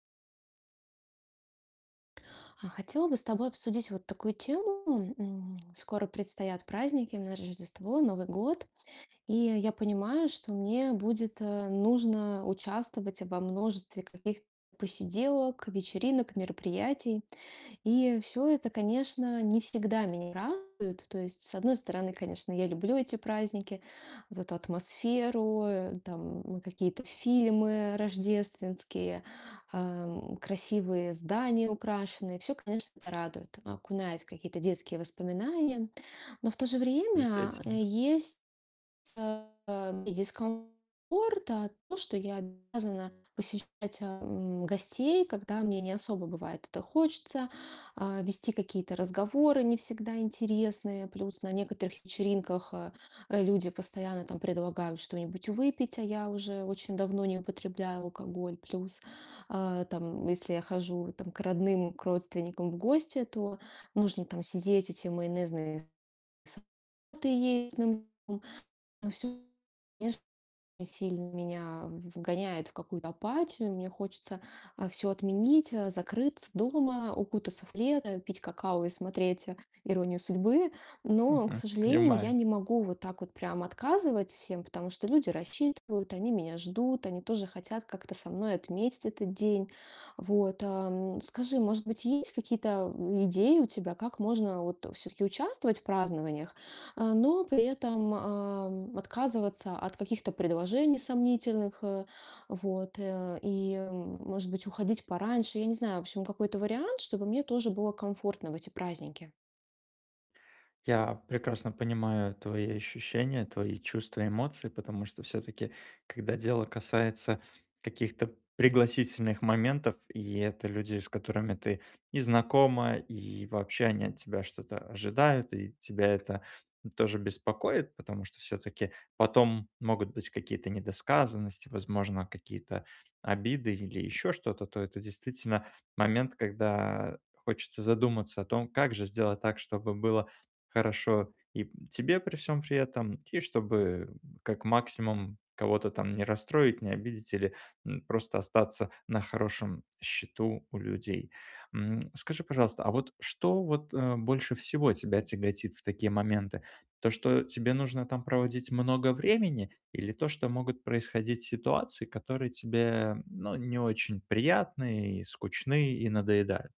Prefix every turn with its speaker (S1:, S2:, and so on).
S1: А, хотела бы с тобой обсудить вот такую тему. М, скоро предстоят праздники, именно Рождество, Новый год. И я понимаю, что мне будет, э, нужно участвовать во множестве каких посиделок, вечеринок, мероприятий. И всё это, конечно, не всегда меня радует. То есть, с одной стороны, конечно, я люблю эти праздники, вот эту атмосферу, э, там какие-то фильмы рождественские, эм, красивые здания украшенные. Всё, конечно, это радует. Окунает в какие-то детские воспоминания. Но в то же время
S2: Действительно.
S1: есть, э, и дискомфорт. А, то, что я обязана посещать, ам, гостей, когда мне не особо бывает это хочется, а, вести какие-то разговоры не всегда интересные. Плюс на некоторых вечеринках, э, люди постоянно там предлагают что-нибудь выпить, а я уже очень давно не употребляю алкоголь. Плюс, а, там, если я хожу там к родным, к родственникам в гости, то нужно там сидеть, эти майонезные салаты есть. Ну, м, но всё, конечно, сильно меня вгоняет в какую-то апатию. Мне хочется, а, всё отменить, закрыться дома, укутаться в плед, пить какао и смотреть "Иронию судьбы". Но, к
S2: Мгм,
S1: сожалению, я
S2: понимаю.
S1: не могу вот так вот прям отказывать всем, потому что люди рассчитывают, они меня ждут, они тоже хотят как-то со мной отметить этот день. Вот, ам, скажи, может быть, есть какие-то идеи у тебя, как можно вот всё-таки участвовать в празднованиях, э, но при этом, ам, отказываться от каких-то предложений сомнительных, э, вот, э, и, может быть, уходить пораньше? Я не знаю. В общем, какой-то вариант, чтобы мне тоже было комфортно в эти праздники.
S2: Я прекрасно понимаю твои ощущения, твои чувства, эмоции, потому что всё-таки, когда дело касается каких-то пригласительных моментов. И это люди, с которыми ты и знакома, и вообще они от тебя что-то ожидают, и тебя это тоже беспокоит. Потому что всё-таки потом могут быть какие-то недосказанности, возможно, какие-то обиды или ещё что-то, то это действительно момент, когда хочется задуматься о том, как же сделать так, чтобы было хорошо и тебе при всём при этом. И чтобы как максимум кого-то там не расстроить, не обидеть или, м, просто остаться на хорошем счету у людей. М, скажи, пожалуйста, а вот что вот, э, больше всего тебя тяготит в такие моменты? То, что тебе нужно там проводить много времени, или то, что могут происходить ситуации, которые тебе, ну, не очень приятны и скучны, и надоедают?